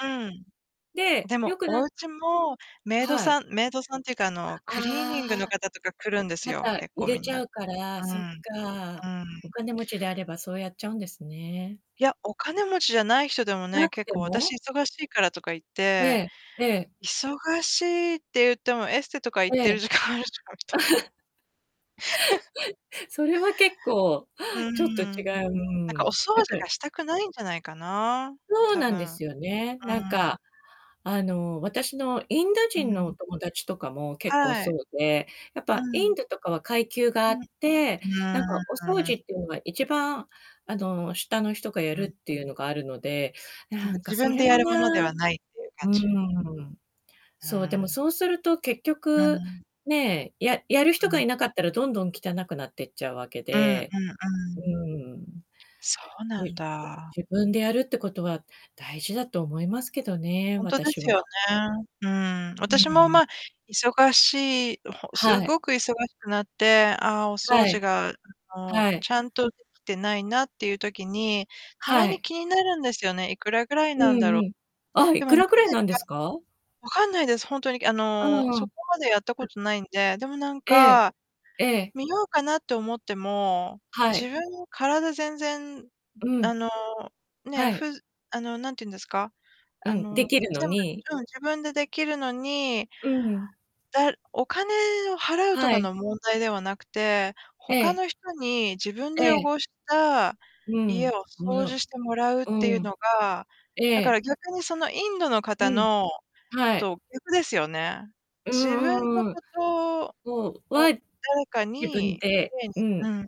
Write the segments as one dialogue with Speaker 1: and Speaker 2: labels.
Speaker 1: うん。
Speaker 2: で、
Speaker 1: で
Speaker 2: よ
Speaker 1: も、
Speaker 2: くな
Speaker 1: おうちもメイド
Speaker 2: はい。
Speaker 1: さんメイドさんっていうか、あの、クリー
Speaker 2: あ
Speaker 1: ニング
Speaker 2: あ。
Speaker 1: の方とか来るんです
Speaker 2: か
Speaker 1: よ、
Speaker 2: た、
Speaker 1: 結
Speaker 2: 入
Speaker 1: 構
Speaker 2: れ
Speaker 1: みん
Speaker 2: ち
Speaker 1: な。
Speaker 2: ゃうから、
Speaker 1: う
Speaker 2: そっ
Speaker 1: ん、
Speaker 2: か。
Speaker 1: う
Speaker 2: お
Speaker 1: ん。
Speaker 2: 金持ちであればそうやっちゃうんですね。
Speaker 1: いや、お金持ちじゃない人でも
Speaker 2: な
Speaker 1: ね、
Speaker 2: く
Speaker 1: 結
Speaker 2: て
Speaker 1: 構私
Speaker 2: も？
Speaker 1: 忙しいからとか言っ
Speaker 2: え
Speaker 1: て
Speaker 2: えええ。
Speaker 1: 忙しいって言っても、エステとか行っ
Speaker 2: え
Speaker 1: てる
Speaker 2: え。
Speaker 1: 時間あるじゃんみたいな。
Speaker 2: それは結構、
Speaker 1: う
Speaker 2: ちょっ
Speaker 1: ん。
Speaker 2: と違う、う
Speaker 1: なんか、お
Speaker 2: ん、
Speaker 1: 掃
Speaker 2: だか
Speaker 1: 除
Speaker 2: ら
Speaker 1: がしたくないんじゃないかな、
Speaker 2: そう
Speaker 1: 多
Speaker 2: なんで
Speaker 1: 分。う
Speaker 2: すよね。なん
Speaker 1: ん。
Speaker 2: か、あの、私のインド
Speaker 1: う
Speaker 2: 人のお
Speaker 1: ん。
Speaker 2: 友達とかも結構
Speaker 1: はい。
Speaker 2: そうで、やっ
Speaker 1: う
Speaker 2: ぱ、イ
Speaker 1: ん。
Speaker 2: ンドとかは階級が
Speaker 1: う
Speaker 2: あ
Speaker 1: ん。
Speaker 2: って、
Speaker 1: う
Speaker 2: なんか、お掃
Speaker 1: ーん。
Speaker 2: 除っていうの が一番、あの、下の人がやる
Speaker 1: はい。
Speaker 2: っていうのがあるので、
Speaker 1: なん
Speaker 2: な
Speaker 1: か、
Speaker 2: んか
Speaker 1: 自
Speaker 2: そ
Speaker 1: 分
Speaker 2: れ
Speaker 1: でや
Speaker 2: も
Speaker 1: るもので
Speaker 2: な
Speaker 1: はないっていう感
Speaker 2: う
Speaker 1: じ。
Speaker 2: ん。
Speaker 1: う
Speaker 2: そう、でも
Speaker 1: ん。
Speaker 2: そうすると結
Speaker 1: う
Speaker 2: 局、
Speaker 1: ん。
Speaker 2: ねえ、ややる
Speaker 1: う
Speaker 2: 人が
Speaker 1: ん。
Speaker 2: いなかったらどんどん汚くなってっちゃうわけ
Speaker 1: うんうんう
Speaker 2: で。う
Speaker 1: ん。
Speaker 2: ーん。
Speaker 1: そう
Speaker 2: じ
Speaker 1: なん
Speaker 2: じ
Speaker 1: だ。
Speaker 2: 自分でやるってことは大事だと思いますけどね、
Speaker 1: 本当で
Speaker 2: 私
Speaker 1: すよ
Speaker 2: は。
Speaker 1: ね。うん。
Speaker 2: う
Speaker 1: 私も
Speaker 2: ん。
Speaker 1: ま、忙しい す
Speaker 2: はい。
Speaker 1: ごく忙しくなって、ああ、お掃
Speaker 2: は
Speaker 1: 除
Speaker 2: い。
Speaker 1: が もう
Speaker 2: はい。
Speaker 1: ちゃんとできてないなっていう時に、た
Speaker 2: は
Speaker 1: まに
Speaker 2: い。
Speaker 1: 気になるんですよね。いくらぐらい
Speaker 2: う
Speaker 1: なんだ
Speaker 2: ん
Speaker 1: ろ
Speaker 2: う
Speaker 1: う。
Speaker 2: ん。あ、
Speaker 1: で
Speaker 2: いく
Speaker 1: もなぜ
Speaker 2: らくらいなんです か？
Speaker 1: 分かんないです。本当に、あの、
Speaker 2: う
Speaker 1: そ
Speaker 2: ん。
Speaker 1: こまでやったこ とないんで。でも、なん
Speaker 2: ええ、
Speaker 1: か、
Speaker 2: ええ。
Speaker 1: 見ようかなって思っても、
Speaker 2: は
Speaker 1: 自
Speaker 2: い。
Speaker 1: 分の体全然
Speaker 2: う
Speaker 1: あ
Speaker 2: ん。
Speaker 1: の、ねえ、
Speaker 2: は
Speaker 1: ふ
Speaker 2: い。
Speaker 1: うあの、なんて言うんですか、
Speaker 2: う
Speaker 1: あ
Speaker 2: ん、で
Speaker 1: の、
Speaker 2: きるの
Speaker 1: 全部、
Speaker 2: に
Speaker 1: うん、自分でできるのに
Speaker 2: うん。
Speaker 1: だお金を払うと
Speaker 2: は
Speaker 1: か
Speaker 2: い。
Speaker 1: の問題ではなくて、
Speaker 2: え
Speaker 1: 他
Speaker 2: え。
Speaker 1: の人に自分で
Speaker 2: ええ。
Speaker 1: 汚した
Speaker 2: う
Speaker 1: 家
Speaker 2: ん、
Speaker 1: を掃除 してもらうっ
Speaker 2: う
Speaker 1: ていう
Speaker 2: ん。
Speaker 1: のが、
Speaker 2: え
Speaker 1: だか
Speaker 2: え。
Speaker 1: ら逆に、その、インドの
Speaker 2: う
Speaker 1: 方
Speaker 2: ん。
Speaker 1: の
Speaker 2: はい。
Speaker 1: と逆ですよね。
Speaker 2: う
Speaker 1: 自
Speaker 2: ん
Speaker 1: 分の
Speaker 2: うんうん。
Speaker 1: ことを
Speaker 2: そう、わ
Speaker 1: 誰か
Speaker 2: 自分
Speaker 1: に
Speaker 2: で、う
Speaker 1: う
Speaker 2: ん。
Speaker 1: ん。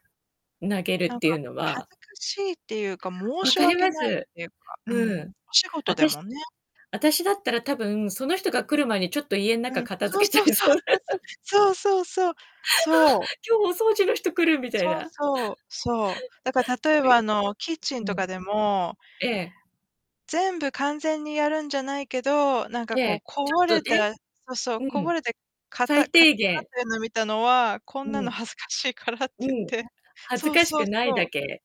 Speaker 2: 投げる
Speaker 1: な
Speaker 2: っ
Speaker 1: ん
Speaker 2: てい
Speaker 1: か、
Speaker 2: うの
Speaker 1: 恥
Speaker 2: は
Speaker 1: ずかしいっていうか、申
Speaker 2: 分
Speaker 1: し
Speaker 2: かり
Speaker 1: 訳
Speaker 2: ま
Speaker 1: ない
Speaker 2: す。
Speaker 1: っていうか、う
Speaker 2: うん。
Speaker 1: ん、お仕事で
Speaker 2: 私
Speaker 1: もね。
Speaker 2: 私だったら多分、その人が来る前にちょっと家の
Speaker 1: う
Speaker 2: 中
Speaker 1: ん。
Speaker 2: 片
Speaker 1: そう
Speaker 2: 付けち
Speaker 1: そう
Speaker 2: ゃい
Speaker 1: そう
Speaker 2: そうだ。
Speaker 1: そうそう。そうそうそう、
Speaker 2: ああ、
Speaker 1: そう。
Speaker 2: 今日お掃除の人来るみたい
Speaker 1: そう
Speaker 2: な。
Speaker 1: そう、そう。だから、例
Speaker 2: そ
Speaker 1: え
Speaker 2: うい
Speaker 1: ば、
Speaker 2: う
Speaker 1: あの、キッチン
Speaker 2: う
Speaker 1: と
Speaker 2: ん。
Speaker 1: かでも
Speaker 2: ええ。
Speaker 1: 全部完全にやるんじゃないけど、なんか、
Speaker 2: え
Speaker 1: こう、
Speaker 2: え、
Speaker 1: こぼ
Speaker 2: ちょっ
Speaker 1: れ
Speaker 2: とね。
Speaker 1: たそうそう、
Speaker 2: う
Speaker 1: こ
Speaker 2: ん。
Speaker 1: ぼれて、かた
Speaker 2: 最
Speaker 1: か [unintelligible] く
Speaker 2: 低
Speaker 1: なっ
Speaker 2: 限。
Speaker 1: てるのを見たのは、こん
Speaker 2: う
Speaker 1: なの
Speaker 2: ん。
Speaker 1: 恥ずかしいからっ
Speaker 2: う
Speaker 1: て
Speaker 2: ん。
Speaker 1: 言って
Speaker 2: 恥ず
Speaker 1: そう
Speaker 2: かし
Speaker 1: そう
Speaker 2: くない
Speaker 1: そ
Speaker 2: だ
Speaker 1: う。
Speaker 2: け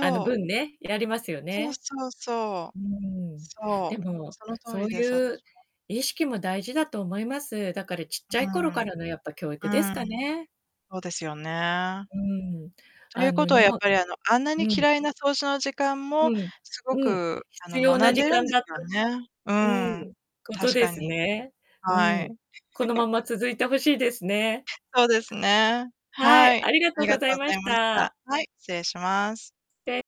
Speaker 2: あの、
Speaker 1: う。
Speaker 2: 分ね、やりますよ
Speaker 1: そう
Speaker 2: ね。
Speaker 1: そうそう。
Speaker 2: うーん。
Speaker 1: そ
Speaker 2: で
Speaker 1: う。
Speaker 2: も、
Speaker 1: その通
Speaker 2: そう
Speaker 1: りです、
Speaker 2: いう
Speaker 1: 私も。
Speaker 2: 意識も大事だと思います。だから、ちっちゃ
Speaker 1: う
Speaker 2: い頃か
Speaker 1: ん。
Speaker 2: らの、やっぱ、教育です
Speaker 1: う
Speaker 2: か
Speaker 1: ん。
Speaker 2: ね。
Speaker 1: そうですよね。
Speaker 2: うん、
Speaker 1: とい
Speaker 2: あ
Speaker 1: う
Speaker 2: の、
Speaker 1: ことは、
Speaker 2: 日
Speaker 1: やっ
Speaker 2: 本
Speaker 1: ぱり、あの、あんなに
Speaker 2: うん。
Speaker 1: 嫌いな掃除の時間も、
Speaker 2: うん
Speaker 1: すご
Speaker 2: うん、
Speaker 1: く、あの、
Speaker 2: 必要
Speaker 1: 学
Speaker 2: な
Speaker 1: ん
Speaker 2: 時
Speaker 1: でるん
Speaker 2: 間
Speaker 1: です
Speaker 2: だった
Speaker 1: よね。う
Speaker 2: うん、
Speaker 1: ん。
Speaker 2: こと
Speaker 1: 確
Speaker 2: で
Speaker 1: か
Speaker 2: す
Speaker 1: に。
Speaker 2: ね。う
Speaker 1: はい。
Speaker 2: ん。このまま 続いて欲しいですね。
Speaker 1: そうですね、
Speaker 2: は
Speaker 1: は
Speaker 2: い、
Speaker 1: い。
Speaker 2: ありが
Speaker 1: あ
Speaker 2: と
Speaker 1: り
Speaker 2: う
Speaker 1: が
Speaker 2: ご
Speaker 1: と
Speaker 2: ざい
Speaker 1: うご
Speaker 2: ま
Speaker 1: ざ
Speaker 2: し
Speaker 1: いました。
Speaker 2: た。
Speaker 1: はい、失礼します。
Speaker 2: で